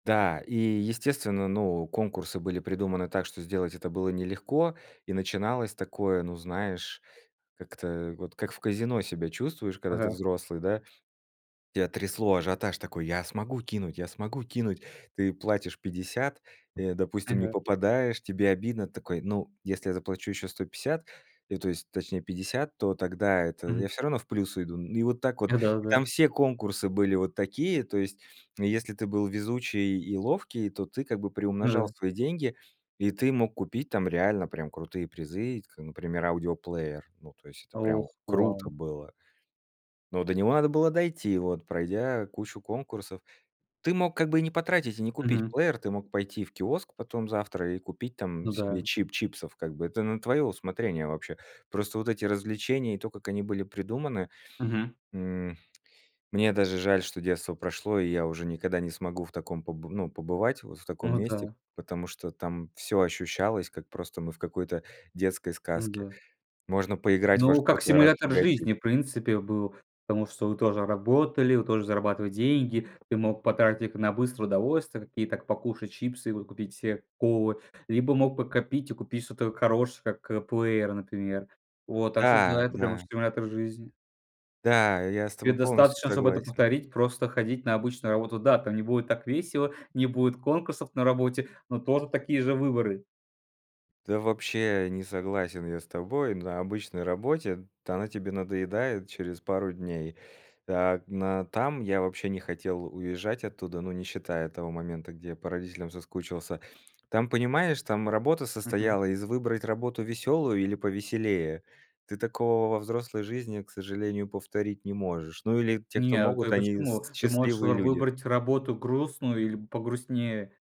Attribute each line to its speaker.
Speaker 1: Да, и, естественно, ну, конкурсы были придуманы так, что сделать это было нелегко, и начиналось такое, ну знаешь, как-то вот как в казино себя чувствуешь, когда ты
Speaker 2: Ага.
Speaker 1: взрослый, да? Тебя трясло, ажиотаж такой: я смогу кинуть, я смогу кинуть. Ты платишь 50, э, допустим, не
Speaker 2: Ага.
Speaker 1: попадаешь- тебе обидно. Ты такой: "Ну, если заплачу еще 150 и то есть точнее 50, то тогда это
Speaker 2: Мгм.
Speaker 1: я всё равно в плюс уйду". Ну и вот так вот,
Speaker 2: А,
Speaker 1: и
Speaker 2: да-да.
Speaker 1: там все конкурсы были вот такие: то есть и если ты был везучий и ловкий, то ты как бы
Speaker 2: Ну
Speaker 1: приумножал
Speaker 2: да.
Speaker 1: свои деньги. И ты мог купить там реально прям крутые призы, как, например, аудиоплеер. Ну, то есть, это прям
Speaker 2: Ох! Вау!
Speaker 1: круто было. Но до него надо было дойти, вот, пройдя кучу конкурсов. Ты мог как бы и не потратить и не купить
Speaker 2: Мгм.
Speaker 1: плеер, ты мог пойти в киоск потом завтра и купить там
Speaker 2: Ну да.
Speaker 1: себе чип чипсов как бы, это на твое усмотрение вообще. Просто вот эти развлечения и то, как они были придуманы.
Speaker 2: Мгм.
Speaker 1: М, мне даже жаль, что детство прошло, и я уже никогда не смогу в таком поб ну, побывать вот в таком
Speaker 2: Ну
Speaker 1: месте,
Speaker 2: да.
Speaker 1: потому что там всё ощущалось, как просто мы в какой-то детской
Speaker 2: Ну
Speaker 1: сказке.
Speaker 2: да.
Speaker 1: Можно поиграть во
Speaker 2: Ну, как
Speaker 1: что-то и
Speaker 2: симулятор
Speaker 1: разбогатеть.
Speaker 2: жизни, в принципе, был, потому что вы тоже работали, вы тоже зарабатывать деньги. Ты мог потратить их на быстрое удовольствие, такие как покушать чипсы, и вот купить себе колы, либо мог подкопить и купить что-то хорошее, как плеер, например. Вот. Так что да,
Speaker 1: Да,
Speaker 2: это прям
Speaker 1: да.
Speaker 2: стимулятор жизни.
Speaker 1: Да, я с
Speaker 2: Тебе
Speaker 1: тобой полностью
Speaker 2: достаточно, чтоб это
Speaker 1: согласен.
Speaker 2: повторить, просто ходить на обычную работу. Да, там не будет так весело, не будет конкурсов на работе, но тоже такие же выборы.
Speaker 1: Да, вообще, не согласен я с тобой, на обычной работе. Та она тебе надоедает через пару дней. А на там, я вообще не хотел уезжать оттуда, ну не считая того момента, где я по родителям соскучился. Там понимаешь, там работа
Speaker 2: Мгм.
Speaker 1: состояла из: выбрать работу веселую или повеселее. Ты такого во взрослой жизни, к сожалению, повторить не можешь. Ну или те, кто
Speaker 2: Нет,
Speaker 1: могут,
Speaker 2: э,
Speaker 1: они с
Speaker 2: почему? Ты можешь
Speaker 1: счастливые
Speaker 2: р
Speaker 1: люди.
Speaker 2: выбрать работу грустную или погрустнее.